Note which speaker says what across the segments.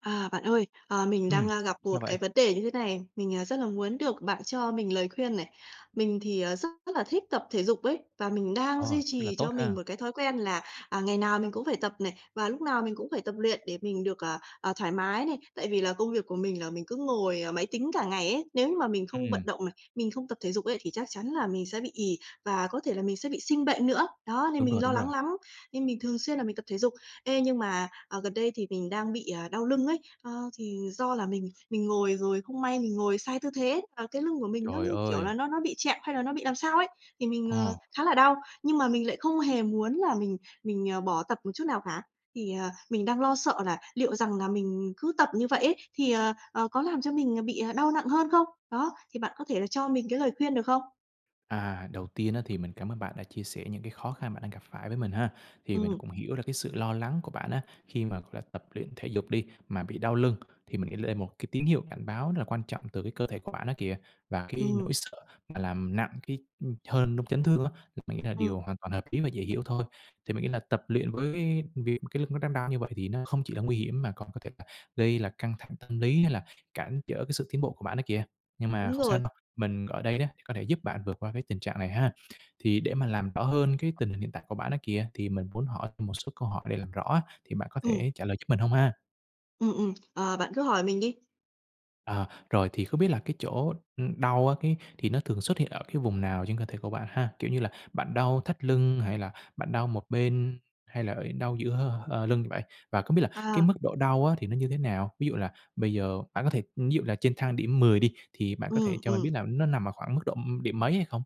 Speaker 1: À, bạn ơi, à, mình đang,
Speaker 2: Ừm,
Speaker 1: a, gặp
Speaker 2: sao
Speaker 1: một
Speaker 2: vậy?
Speaker 1: cái vấn đề như thế này, mình, à, rất là muốn được bạn cho mình lời khuyên này. Mình thì, ờ, rất là thích tập thể dục ấy, và mình đang duy
Speaker 2: Ồ, rất là
Speaker 1: trì cho
Speaker 2: tốt
Speaker 1: mình
Speaker 2: ha!
Speaker 1: một cái thói quen là, à, ngày nào mình cũng phải tập này, và lúc nào mình cũng phải tập luyện để mình được, à, à, thoải mái này. Tại vì là công việc của mình là mình cứ ngồi, à, máy tính cả ngày ấy. Nếu như mà mình không vận
Speaker 2: Ừm.
Speaker 1: động này, mình không tập thể dục ấy thì chắc chắn là mình sẽ bị ì và có thể là mình sẽ bị sinh bệnh nữa. Đó, nên
Speaker 2: Đúng rồi,
Speaker 1: mình lo
Speaker 2: đúng rồi.
Speaker 1: lắng lắm. Nên mình thường xuyên là mình tập thể dục. Ê, nhưng mà, à, gần đây thì mình đang bị, à, đau lưng ấy, a, thì do là mình mình ngồi rồi không may mình ngồi sai tư thế, à, cái lưng của mình nó
Speaker 2: Trời
Speaker 1: như, kiểu
Speaker 2: ơi!
Speaker 1: là, nó nó bị trẹo, hay là nó bị làm sao ấy. Thì mình, ờ,
Speaker 2: Ồ.
Speaker 1: khá là đau, nhưng mà mình lại không hề muốn là mình mình, à, bỏ tập một chút nào cả. Thì, ờ, mình đang lo sợ là liệu rằng là mình cứ tập như vậy ấy, thì, ờ, ờ, có làm cho mình, ờ, bị, ờ, đau nặng hơn không? Đó, thì bạn có thể là cho mình cái lời khuyên được không?
Speaker 2: À, đầu tiên á, thì mình cảm ơn bạn đã chia sẻ những cái khó khăn bạn đang gặp phải với mình ha. Thì mình
Speaker 1: Ừm.
Speaker 2: cũng hiểu ra cái sự lo lắng của bạn á, khi mà, gọi là, tập luyện thể dục đi, mà bị đau lưng thì mình nghĩ đây là một cái tín hiệu cảnh báo rất là quan trọng từ cái cơ thể của bạn đó kìa. Và cái nỗi
Speaker 1: Ừm.
Speaker 2: sợ mà làm nặng cái, ừm, hơn trong chấn thương á, thì mình nghĩ là
Speaker 1: Ừm.
Speaker 2: điều hoàn toàn hợp lý và dễ hiểu thôi. Thì mình nghĩ là tập luyện với việc mà cái lưng đang đau như vậy thì nó không chỉ là nguy hiểm, mà còn có thể là gây là căng thẳng tâm lý, hay là cản trở cái sự tiến bộ của bạn đó kìa. Nhưng mà
Speaker 1: Đúng
Speaker 2: không sao
Speaker 1: rồi.
Speaker 2: đâu, mình ở đây đó, thì có thể giúp bạn vượt qua cái tình trạng này ha. Thì để mà làm rõ hơn cái tình hình hiện tại của bạn ấy kìa, thì mình muốn hỏi thêm một số câu hỏi để làm rõ á, thì bạn có
Speaker 1: Ừm.
Speaker 2: thể trả lời giúp mình hông ha?
Speaker 1: Ừm, ừm, ờ, bạn cứ hỏi mình đi!
Speaker 2: À, rồi thì không biết là cái chỗ, ừm, đau á cái thì nó thường xuất hiện ở cái vùng nào trên cơ thể của bạn ha? Kiểu như là bạn đau thắt lưng hay là bạn đau một bên, hay là ở đau giữa hơ, ờ, lưng vậy? Và không biết là cái
Speaker 1: À!
Speaker 2: mức độ đau á thì nó như thế nào? Ví dụ là bây giờ bạn có thể ví dụ là trên thang điểm 10 đi thì bạn có thể
Speaker 1: Ừm,
Speaker 2: cho mình biết
Speaker 1: ừm.
Speaker 2: là nó nằm ở khoảng mức độ, ưm, điểm mấy hay không?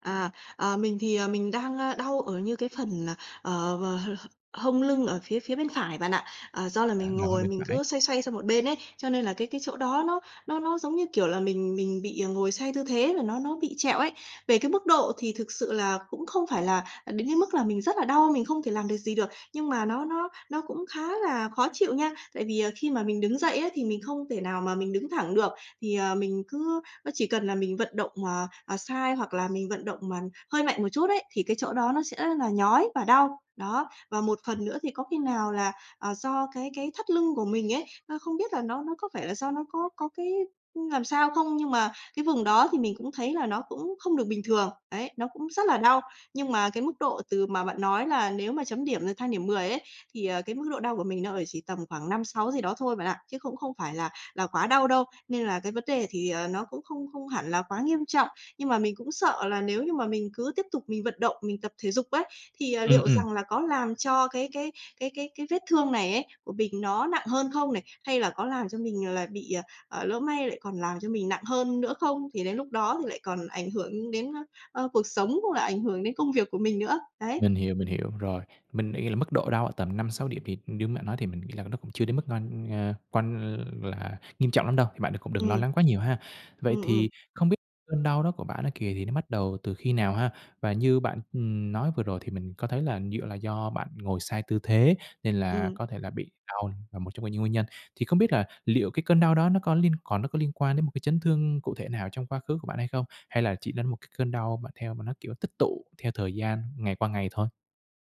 Speaker 1: À, ờ, mình thì, ờ, mình đang ơ đau ở như cái phần là, ờ, ờ, h h hông lưng ở phía phía bên phải bạn ạ. Ờ, do là
Speaker 2: À,
Speaker 1: mình
Speaker 2: đau hơn
Speaker 1: ngồi
Speaker 2: bên
Speaker 1: mình
Speaker 2: phải.
Speaker 1: cứ xoay xoay sang một bên ấy, cho nên là cái cái chỗ đó nó nó nó, giống như, kiểu là, mình mình bị, ờ, ngồi xoay tư thế, và nó nó bị trẹo ấy. Về cái mức độ thì thực sự là cũng không phải là, à, đến cái mức là mình rất là đau, mình không thể làm được gì được, nhưng mà nó nó nó cũng khá là khó chịu nha! Tại vì, ờ, khi mà mình đứng dậy á thì mình không thể nào mà mình đứng thẳng được. Thì, ờ, mình cứ nó chỉ cần là mình vận động mà, à, sai hoặc là mình vận động mà hơi mạnh một chút ấy, thì cái chỗ đó nó sẽ là nhói và đau. Đó, và một phần nữa thì có khi nào là, ờ, do cái cái thắt lưng của mình ấy, ơ, không biết là nó nó có phải là do nó có có cái, ưm, làm sao không, nhưng mà cái vùng đó thì mình cũng thấy là nó cũng không được bình thường, ấy, nó cũng rất là đau. Nhưng mà cái mức độ từ mà bạn nói là nếu mà chấm điểm, ờ, thang điểm 10 ấy, thì ờ cái mức độ đau của mình nó ở chỉ tầm khoảng 5, 6 gì đó thôi bạn ạ, chứ cũng không phải là là quá đau đâu, nên là cái vấn đề thì, ờ, nó cũng không không hẳn là quá nghiêm trọng. Nhưng mà mình cũng sợ là nếu như mà mình cứ tiếp tục mình vận động, mình tập thể dục ấy, thì, ờ,
Speaker 2: Ừm,
Speaker 1: liệu
Speaker 2: ừm.
Speaker 1: rằng là có làm cho cái cái cái cái cái vết thương này ấy của mình nó nặng hơn không này? Hay là có làm cho mình lại bị, ờ, à, lỡ may lại còn làm cho mình nặng hơn nữa không? Thì đến lúc đó thì lại còn ảnh hưởng đến, ơ, ơ, cuộc sống, cũng là ảnh hưởng đến công việc của mình nữa. Đấy.
Speaker 2: Mình hiểu, mình hiểu, rồi. Mình nghĩ là mức độ đau ở tầm 5, 6 điểm thì như bạn nói thì mình nghĩ là nó cũng chưa đến mức quan, a, quan l là nghiêm trọng lắm đâu, thì bạn đừng cũng đừng lo
Speaker 1: Ừm.
Speaker 2: lắng quá nhiều ha. Vậy
Speaker 1: Ừm, ừm.
Speaker 2: thì không biết cơn đau đó của bạn á kìa, thì nó bắt đầu từ khi nào ha? Và như bạn, ừm, nói vừa rồi thì mình có thấy là dựa là do bạn ngồi sai tư thế, nên là
Speaker 1: Ừm.
Speaker 2: có thể là bị đau là một trong cái những nguyên nhân. Thì không biết là liệu cái cơn đau đó nó có liên còn nó có liên quan đến một cái chấn thương cụ thể nào trong quá khứ của bạn hay không? Hay là chỉ đến một cái cơn đau mà theo mà nó kiểu tích tụ theo thời gian ngày qua ngày thôi?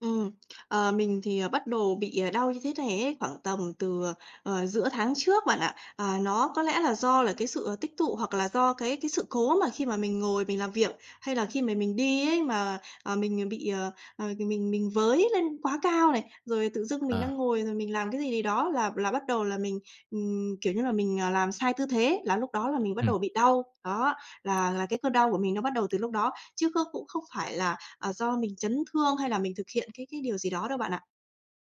Speaker 1: Ừm, ờ, mình thì, ờ, bắt đồ bị, ờ, đau như thế này ấy khoảng tầm từ, ờ, ờ, giữa tháng trước bạn ạ. À, nó có lẽ là do là cái sự tích tụ hoặc là do cái cái sự cố mà khi mà mình ngồi mình làm việc, hay là khi mà mình đi ấy mà, à, mình bị, ờ, ờ, mình mình với lên quá cao này, rồi tự dưng mình đang
Speaker 2: À.
Speaker 1: ngồi rồi mình làm cái gì gì đó là là bắt đầu là mình, ừm, kiểu như là, mình, à, làm sai tư thế là lúc đó là
Speaker 2: Ưm,
Speaker 1: mình bắt
Speaker 2: ừm.
Speaker 1: đầu bị đau. Đó, là là cái cơn đau của mình nó bắt đầu từ lúc đó, chứ không cũng không phải là, à, do mình chấn thương hay là mình thực hiện cái cái điều gì đó đâu bạn ạ.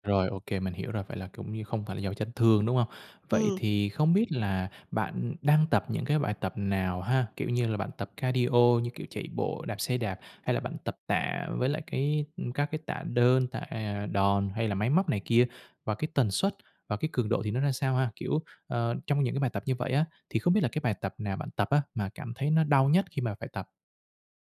Speaker 2: Rồi, ô kê, mình hiểu rồi. Vậy là cũng như không phải là do chấn thương, đúng không? Vậy
Speaker 1: Ừm.
Speaker 2: thì không biết là bạn đang tập những cái bài tập nào ha? Kiểu như là bạn tập cardio như kiểu chạy bộ, đạp xe đạp, hay là bạn tập tạ với lại cái ừm, các cái tạ đơn, tạ, à, đòn hay là máy móc này kia? Và cái tần suất và cái cường độ thì nó ra sao ha? Kiểu, ờ, trong những cái bài tập như vậy á, thì không biết là cái bài tập nào bạn tập á mà cảm thấy nó đau nhất khi mà phải tập?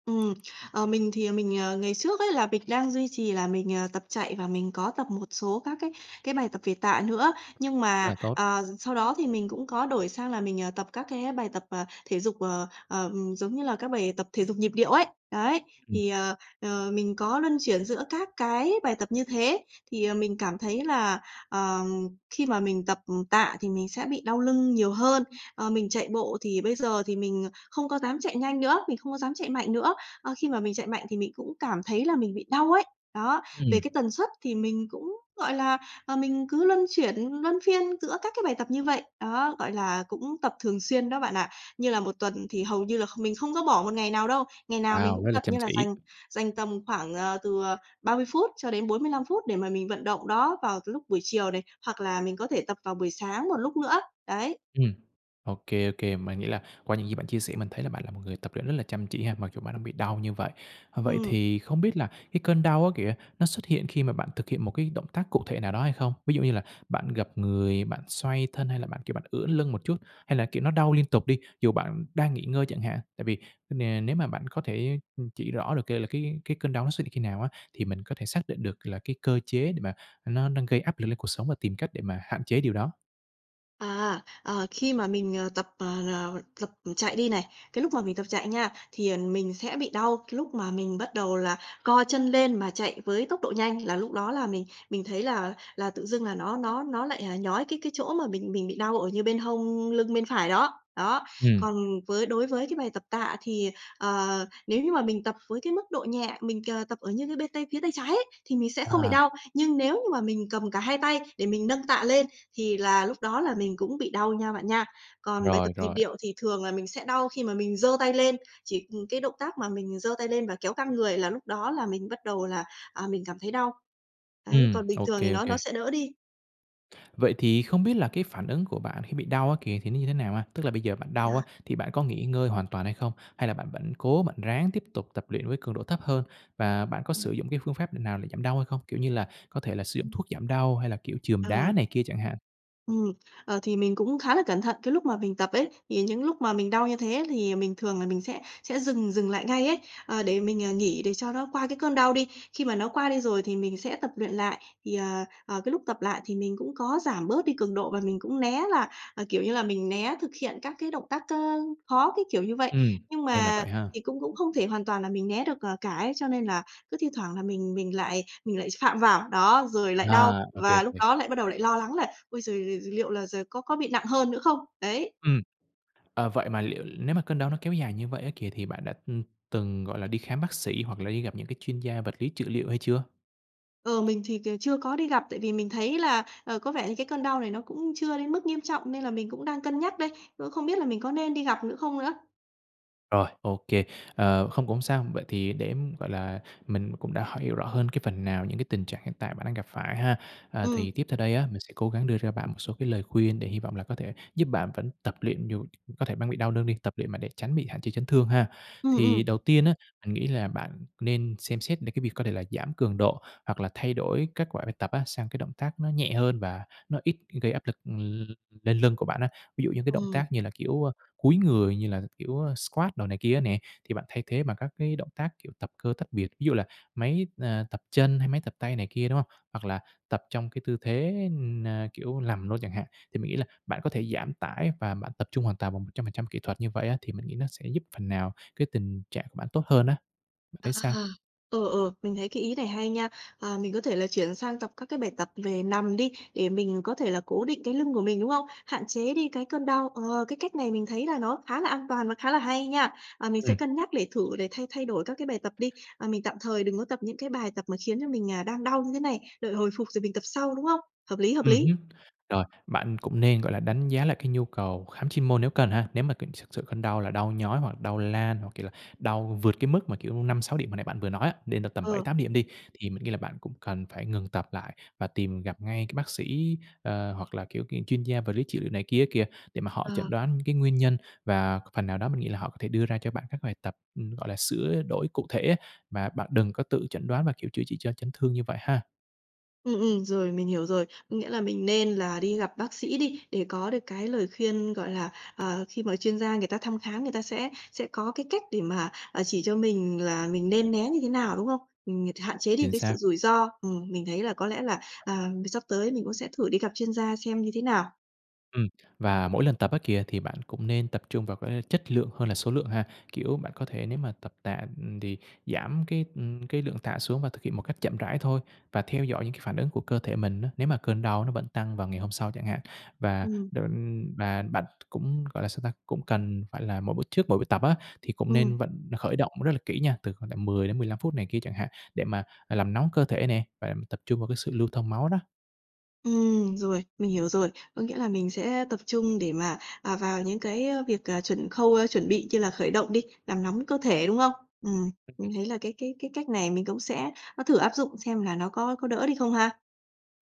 Speaker 1: Ừm, ờ, mình thì, ờ, mình, ờ, ngày trước ấy là mình đang duy trì là mình, ờ, tập chạy và mình có tập một số các cái cái bài tập về tạ nữa. Nhưng
Speaker 2: Rất
Speaker 1: mà,
Speaker 2: là tốt.
Speaker 1: ờ, sau đó thì mình cũng có đổi sang là mình, ờ, tập các cái bài tập, ờ, thể dục, ờ, ờ, ừm, giống như là các bài tập thể dục nhịp điệu ấy. Đấy,
Speaker 2: Ừm.
Speaker 1: thì, ờ, ờ, mình có luân chuyển giữa các cái bài tập như thế, thì, ờ, mình cảm thấy là, ờ, khi mà mình tập, ừm, tạ thì mình sẽ bị đau lưng nhiều hơn. Ờ, mình chạy bộ thì bây giờ thì mình, ờ, không có dám chạy nhanh nữa, mình không có dám chạy mạnh nữa, ờ, khi mà mình chạy mạnh thì mình cũng cảm thấy là mình bị đau ấy. Đó,
Speaker 2: Ừm.
Speaker 1: về cái tần suất thì mình cũng, gọi là, ờ, mình cứ luân chuyển, luân phiên giữa các cái bài tập như vậy, đó, gọi là, cũng tập thường xuyên đó bạn ạ. Như là 1 tuần thì hầu như là kh mình không có bỏ một ngày nào đâu, ngày nào mình
Speaker 2: Wow!
Speaker 1: cũng
Speaker 2: Rất là
Speaker 1: tập,
Speaker 2: chăm
Speaker 1: như là
Speaker 2: chỉ.
Speaker 1: dành dành tầm khoảng, ờ, từ, ờ, 30 phút cho đến 45 phút để mà mình vận động đó vào t lúc buổi chiều này, hoặc là mình có thể tập vào buổi sáng một lúc nữa, đấy.
Speaker 2: Ừm, ô kê, ô kê. Mà nghĩa là qua những gì bạn chia sẻ, mình thấy là bạn là một người tập luyện rất là chăm chỉ ha, mặc dù bạn đang bị đau như vậy. Ờ, vậy
Speaker 1: Ừm.
Speaker 2: thì không biết là cái cơn đau á kìa, nó xuất hiện khi mà bạn thực hiện một cái động tác cụ thể nào đó hay không? Ví dụ như là bạn gập người, bạn xoay thân, hay là bạn, kiểu, bạn ưỡn lưng một chút? Hay là kiểu nó đau liên tục đi, dù bạn đang nghỉ ngơi chẳng hạn? Tại vì, ờ, nè nếu mà bạn có thể, ừm, chỉ rõ được c là cái cái cơn đau nó xuất hiện khi nào á, thì mình có thể xác định được là cái cơ chế để mà, ờ, nó đang gây áp lực lên cột sống và tìm cách để mà hạn chế điều đó.
Speaker 1: À, ờ, khi mà mình, ờ, tập, ờ, ờ, tập chạy đi này, cái lúc mà mình tập chạy nha, thì, ờ, mình sẽ bị đau cái lúc mà mình bắt đầu là co chân lên mà chạy với tốc độ nhanh, là lúc đó là mình mình thấy là là tự dưng là nó nó nó lại, ờ, nhói cái cái chỗ mà mình mình bị đau ở như bên hông lưng bên phải đó. Đó,
Speaker 2: Ừm.
Speaker 1: còn với đối với cái bài tập tạ thì, ờ, nếu như mà mình tập với cái mức độ nhẹ, mình, ờ, tập ở như cái bên tay phía tay trái ấy, thì mình sẽ không bị
Speaker 2: À.
Speaker 1: đau. Nhưng nếu như mà mình cầm cả hai tay để mình nâng tạ lên thì là lúc đó là mình cũng bị đau nha bạn nha. Còn bài
Speaker 2: Rồi,
Speaker 1: tập nhịp
Speaker 2: rồi.
Speaker 1: điệu thì thường là mình sẽ đau khi mà mình giơ tay lên, chỉ, ừm, cái động tác mà mình giơ tay lên và kéo căng người là lúc đó là mình bắt đầu là, à, mình cảm thấy đau. Đấy,
Speaker 2: Ừm,
Speaker 1: còn bình
Speaker 2: ô
Speaker 1: thường thì
Speaker 2: kê, ô
Speaker 1: nó nó
Speaker 2: kê.
Speaker 1: sẽ đỡ đi.
Speaker 2: Vậy thì không biết là cái phản ứng của bạn khi bị đau á kìa thì nó như thế nào ha? Tức là bây giờ bạn
Speaker 1: Thì
Speaker 2: đau á
Speaker 1: đó.
Speaker 2: thì bạn có nghỉ ngơi hoàn toàn hay không? Hay là bạn vẫn cố bạn ráng tiếp tục tập luyện với cường độ thấp hơn và bạn có
Speaker 1: Ừm.
Speaker 2: sử dụng cái phương pháp nào để giảm đau hay không? Kiểu như là, có thể là sử dụng
Speaker 1: Ừm.
Speaker 2: thuốc giảm đau hay là, kiểu, chườm đá
Speaker 1: À.
Speaker 2: này kia chẳng hạn?
Speaker 1: Ừm, ờ, thì mình cũng khá là cẩn thận cái lúc mà mình tập ấy, thì những lúc mà mình đau như thế thì mình thường là mình sẽ sẽ dừng dừng lại ngay ấy, ờ, để mình, à, nghỉ để cho nó qua cái cơn đau đi. Khi mà nó qua đi rồi thì mình sẽ tập luyện lại, thì, ờ, ờ, cái lúc tập lại thì mình cũng có giảm bớt đi cường độ và mình cũng né là, ờ, kiểu như là, mình né thực hiện các cái động tác k khó cái kiểu như vậy.
Speaker 2: Ừm,
Speaker 1: Nhưng
Speaker 2: nên là
Speaker 1: mà
Speaker 2: vậy ha.
Speaker 1: thì cũng cũng không thể hoàn toàn là mình né được, ờ, cả ấy, cho nên là cứ thi thoảng là mình mình lại mình lại phạm vào. Đó, rồi lại đau
Speaker 2: À, ô kê, ô
Speaker 1: và lúc
Speaker 2: kê.
Speaker 1: đó lại bắt đầu lại lo lắng là "Ôi giờ giờ liệu là giờ có có bị nặng hơn nữa không?" Đấy.
Speaker 2: Ừm, ờ, vậy mà liệu nếu mà cơn đâu nó kéo dài như vậy á kìa thì bạn đã, ừm, từng, gọi là, đi khám bác sĩ hoặc là đi gặp những cái chuyên gia vật lý trị liệu hay chưa?
Speaker 1: Ờ, mình thì c chưa có đi gặp tại vì mình thấy là, ờ, có vẻ như cái cơn đau này nó cũng chưa đến mức nghiêm trọng nên là mình cũng đang cân nhắc đây, ơ, không biết là mình có nên đi gặp nữa không nữa?
Speaker 2: Rồi, ô kê, ờ, không cũng sao. Vậy thì để, gọi là, mình cũng đã h hiểu rõ hơn cái phần nào những cái tình trạng hiện tại bạn đang gặp phải ha. À, thì
Speaker 1: Ừm.
Speaker 2: tiếp theo đây á, mình sẽ cố gắng đưa cho bạn một số cái lời khuyên để hy vọng là có thể giúp bạn vẫn tập luyện dù có thể bang bị đau lưng đi, tập luyện mà để tránh bị hạn chế chấn thương ha.
Speaker 1: Ừm,
Speaker 2: Thì
Speaker 1: ừm.
Speaker 2: đầu tiên á, mình nghĩ là bạn nên xem xét đến cái việc có thể là giảm cường độ, hoặc là thay đổi kết quả bài tập á, sang cái động tác nó nhẹ hơn và nó ít gây áp lực lên lưng của bạn á, ví dụ như cái động tác
Speaker 1: Ừm.
Speaker 2: như là, kiểu, a, cúi người như là, kiểu, a, squad đồ này kia á nè, thì bạn thay thế bằng các cái động tác, kiểu, tập cơ tách biệt. Ví dụ là máy, à, tập chân hay máy tập tay này kia, đúng không? Hoặc là tập trong cái tư thế, na, kiểu, nằm luôn chẳng hạn, thì mình nghĩ là bạn có thể giảm tải và bạn tập trung hoàn toàn bằng 100% kỹ thuật như vậy á, thì mình nghĩ nó sẽ giúp phần nào cái tình trạng của bạn tốt hơn á. Bạn
Speaker 1: À,
Speaker 2: thấy sao?
Speaker 1: ừ, ừ, mình thấy cái ý này hay nha. Ờ, mình có thể là chuyển sang tập các cái bài tập về nằm đi, để mình có thể là cố định cái lưng của mình, đúng không? Hạn chế đi cái cơn đau, ờ, cái cách này mình thấy là nó khá là an toàn và khá là hay nha. À, mình sẽ
Speaker 2: Ừm.
Speaker 1: cân nhắc để thử để thay thay đổi các cái bài tập đi, à, mình tạm thời đừng có tập những cái bài tập mà khiến cho mình, à, đang đau như thế này, đợi hồi phục rồi mình tập sau, đúng không? Hợp lý, hợp
Speaker 2: Ừm
Speaker 1: lý.
Speaker 2: hứm. Rồi, bạn cũng nên, gọi là, đánh giá lại cái nhu cầu khám chuyên môn nếu cần ha. Nếu mà cần s sự cơn đau là đau nhói, hoặc đau lan, hoặc, kiểu là, đau vượt cái mức mà, kiểu, 5-6 điểm hồi nãy bạn vừa nói á, đến độ tầm bảy
Speaker 1: Ờ.
Speaker 2: tám điểm đi, thì mình nghĩ là bạn cũng cần phải ngừng tập lại và tìm gặp ngay cái bác sĩ, ơ, hoặc là, kiểu, cái chuyên gia vật lý trị liệu này kia á kìa, để mà họ chẩn
Speaker 1: Ờ.
Speaker 2: đoán cái nguyên nhân. Và phần nào đó mình nghĩ là họ có thể đưa ra cho bạn các bài tập, ừm, gọi là, sửa đổi cụ thể á, mà bạn đừng có tự chẩn đoán và, kiểu, chữa trị cho chấn thương như vậy ha.
Speaker 1: Ừm, ừm, rồi, mình hiểu rồi. Có nghĩa là mình nên là đi gặp bác sĩ đi, để có được cái lời khuyên, gọi là, ờ, khi mà chuyên gia người ta thăm khám, người ta sẽ sẽ có cái cách để mà, ờ, chỉ cho mình là mình nên né như thế nào, đúng không? Mình ng hạn chế đi
Speaker 2: Chính
Speaker 1: cái sự
Speaker 2: xác.
Speaker 1: rủi ro. Ừm, mình thấy là có lẽ là, à, mì sắp tới mình cũng sẽ thử đi gặp chuyên gia xem như thế nào.
Speaker 2: Ừm. Và mỗi lần tập á kìa, thì bạn cũng nên tập trung vào cái chất lượng hơn là số lượng ha. Kiểu bạn có thể nếu mà tập tạ, ừm, thì giảm cái, ừm, cái lượng tạ xuống và thực hiện một cách chậm rãi thôi, và theo dõi những cái phản ứng của cơ thể mình á, nếu mà cơn đau nó vẫn tăng vào ngày hôm sau chẳng hạn. Và
Speaker 1: Ừm.
Speaker 2: định và bạn cũng, gọi là, sao ta, cũng cần phải là mỗi b trước mỗi buổi tập á, thì cũng
Speaker 1: Ừm.
Speaker 2: nên vận khởi động rất là kỹ nha, từ khoảng tầm 10 đến 15 phút này kia chẳng hạn, để mà, à, làm nóng cơ thể nè, và tập trung vào cái sự lưu thông máu đó.
Speaker 1: Ừm, rồi, mình hiểu rồi. Có nghĩa là mình sẽ tập trung để mà, ờ, vào những cái, ơ, việc, à, chuẩn khâu, a, chuẩn bị như là khởi động đi, làm nóng cơ thể, đúng hông? Ừm.
Speaker 2: Ừm.
Speaker 1: Mình thấy là cái cái cái cách này mình cũng sẽ, ơ, thử áp dụng xem là nó có có đỡ đi không ha?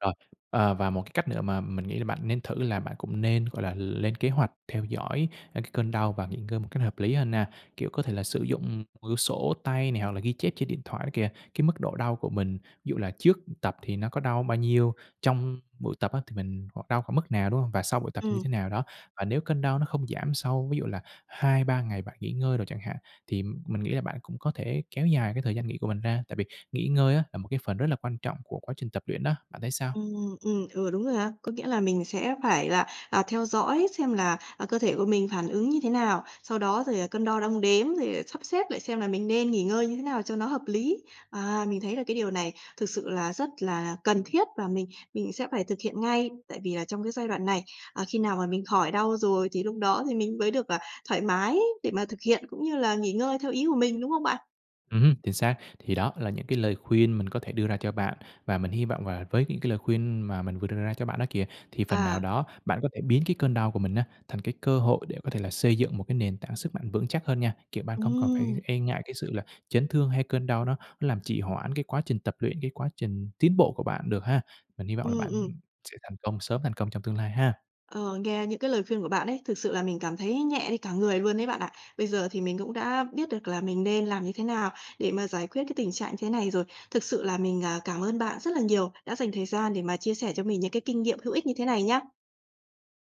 Speaker 2: Rồi, ờ, và một cái cách nữa mà mình nghĩ là bạn nên thử là bạn cũng nên, gọi là, lên kế hoạch theo dõi, a, cái cơn đau và nghỉ ngơi một cách hợp lý hơn nha. Kiểu, có thể là sử dụng, ừm, một quyển sổ tay này, hoặc là ghi chép trên điện thoại đó kìa, cái mức độ đau của mình, ví dụ là trước, ừ, tập thì nó có đau bao nhiêu? Trong buổi tập á thì mình hoặc đau khoảng mức nào, đúng hông? Và sau buổi tập thì như
Speaker 1: Ừm.
Speaker 2: thế nào đó? Và nếu cơn đau nó không giảm sau ví dụ là 2, 3 ngày bạn nghỉ ngơi rồi chẳng hạn, thì, ừm, mình nghĩ là bạn cũng có thể kéo dài cái thời gian nghỉ của mình ra. Tại vì nghỉ ngơi á là một cái phần rất là quan trọng của quá trình tập luyện đó, bạn thấy sao?
Speaker 1: Ừm, ừm, ừ, đúng rồi ha. Có nghĩa là mình sẽ phải là, à, theo dõi xem là, à, cơ thể của mình phản ứng như thế nào. Sau đó rồi, à, cân đo đong đếm, rồi, à, sắp xếp lại xem là mình nên nghỉ ngơi như thế nào cho nó hợp lý. À, mình thấy là cái điều này thực sự là rất là cần thiết và mình mình sẽ phải thực hiện ngay. Tại vì là trong cái giai đoạn này, à, khi nào mà mình khỏi đau rồi thì lúc đó thì mình mới được, ờ, thoải mái để mà thực hiện, cũng như là nghỉ ngơi theo ý của mình, đúng không bạn?
Speaker 2: Ừm hưm, chính xác. Thì đó là những cái lời khuyên mình có thể đưa ra cho bạn, và mình hy vọng là với những cái lời khuyên mà mình vừa đưa ra cho bạn đó kìa, thì phần nào
Speaker 1: À.
Speaker 2: đó bạn có thể biến cái cơn đau của mình á, thành cái cơ hội để có thể là xây dựng một cái nền tảng sức mạnh vững chắc hơn nha. Kiểu, bạn không còn phải
Speaker 1: Ừm.
Speaker 2: e ngại cái sự là chấn thương, hay cơn đau nó nó làm trì hoãn cái quá trình tập luyện, cái quá trình tiến bộ của bạn được ha. Mình hy vọng là
Speaker 1: Ừm,
Speaker 2: bạn,
Speaker 1: ừm.
Speaker 2: ừm, sẽ thành công, sớm thành công trong tương lai ha.
Speaker 1: Ờ, nghe những cái lời khuyên của bạn ấy, thực sự là mình cảm thấy nhẹ đi cả người luôn đấy bạn ạ. Bây giờ thì mình cũng đã biết được là mình nên làm như thế nào để mà giải quyết cái tình trạng như thế này rồi. Thực sự là mình, à, cảm ơn bạn rất là nhiều, đã dành thời gian để mà chia sẻ cho mình những cái kinh nghiệm hữu ích như thế này nhá.